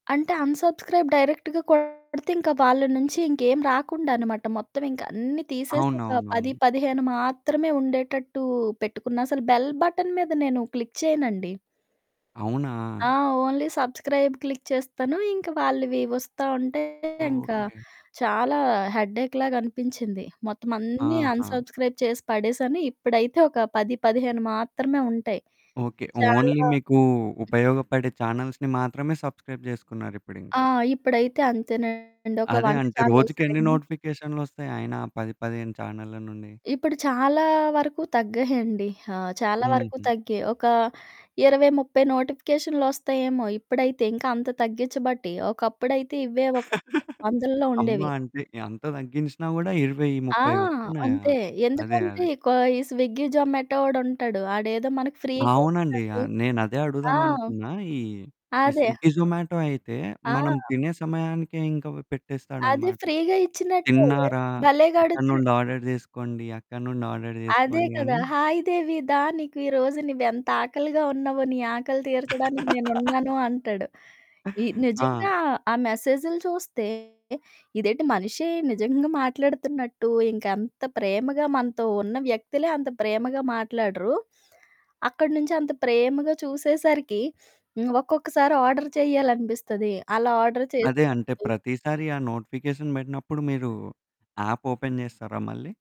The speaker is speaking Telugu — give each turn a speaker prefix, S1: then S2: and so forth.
S1: అంటే అన్‌సబ్‌స్క్రైబ్ డైరెక్ట్‌గా కొడితే ఇంకా వాళ్ళ నుంచి ఇంకేమి రాకుండా అన్నమాట మొత్తం ఇంకా అన్ని తీసేసి ఒక
S2: అవునవునవును.
S1: 10, 15 మాత్రమే ఉండేటట్టు పెట్టుకున్న అసలు బెల్ బటన్ మీద నేను క్లిక్ చేయనండి.
S2: అవునా!
S1: ఆ ఓన్లీ సబ్‌స్క్రైబ్ క్లిక్ చేస్తాను. ఇంకా వాళ్ళవి వస్తా ఉంటే ఇంకా
S2: ఓకే.
S1: చాలా హెడ్డెక్‌లాగా అనిపించింది. మొత్తం అన్నీ
S2: ఆహా!
S1: అన్‌సబ్‌స్క్రైబ్ చేసి పడేసాను. ఇప్పుడైతే ఒక 10, 15 మాత్రమే ఉంటాయి.
S2: ఓకే. ఓన్లీ
S1: చాలా
S2: మీకు ఉపయోగపడే చానెల్స్‌ని మాత్రమే సబ్‌స్క్రైబ్ జేసుకున్నారు ఇప్పుడింకా.
S1: ఆ! ఇప్పుడైతే అంతేనండి. ఒక
S2: అదే
S1: వంట
S2: అంటే
S1: ఛానల్స్
S2: రోజుకెన్ని
S1: 2
S2: నోటిఫికేషన్‌‌లొస్తయి అయినా 10, 15 చానెళ్ళ నుండి?
S1: ఇప్పుడు చాలా వరకు తగ్గాయండి. ఆ! చాలా వరకు
S2: హుహు.
S1: తగ్గాయి. ఒక 20, 30 నోటిఫికేషనులొస్తాయేమో ఇప్పుడైతే, ఇంకా అంత తగ్గిచ్చబట్టి. ఒకప్పుడైతే ఇవే ఒక వందల్లో
S2: అమ్మ
S1: ఉండేవి.
S2: అంటే ఎంత తగ్గించినా కూడా ఇరవై
S1: ఆ!
S2: ముప్పై వస్తున్నాయా?
S1: అంతే.
S2: అదే,
S1: ఎందుకంటే
S2: అదే.
S1: కొ ఈ స్విగ్గీ, జొమాటో వోడుంటాడు. ఆడేదో మనకు ఫ్రీగా
S2: అవునండి.
S1: ఇచ్చినట్టు
S2: ఆహ్, నేను అదే
S1: ఆ!
S2: అడుగుదామనుకున్నా. ఈ, ఈ
S1: అదే.
S2: స్విగ్గీ, జొమాటో అయితే
S1: ఆ!
S2: మనం తినే సమయానికే ఇంక
S1: అదే
S2: పెట్టేస్తాడనమాట.
S1: ఫ్రీగా ఇచ్చినట్టే.
S2: "తిన్నారా? ఇక్కడి
S1: భలేగడుగుతాడు.
S2: నుండి ఆర్డర్ జేసుకోండి. అక్కడి నుండి ఆర్డర్
S1: అదే
S2: జేసుకోండి"
S1: కదా!
S2: అని.
S1: "హాయ్ దేవి దా! నీకు ఈ రోజు నువ్వెంత ఆకలిగా ఉన్నావో నీ ఆకలి తీర్చడానికి నేనున్నాను" అంటాడు. ఈ
S2: ఆ!
S1: నిజంగా ఆ మెసేజులు చూస్తే ఇదేంటి మనిషే నిజంగా మాట్లాడుతున్నట్టు ఇంక అంత ప్రేమగా మనతో ఉన్న వ్యక్తులే అంత ప్రేమగా మాట్లాడరు. అక్కడి నుంచి అంత ప్రేమగా చూసేసరికి హ్మ్, ఒక్కొక్కసారి ఆర్డర్ చెయ్యాలనిపిస్తది. అలా ఆర్డర్
S2: అదే అంటే
S1: చేసినప్పుడు
S2: ప్రతిసారి ఆ నోటిఫికేషన్ పెట్టినప్పుడు మీరు ఆప్ ఓపెన్ జేస్తారా మళ్ళీ?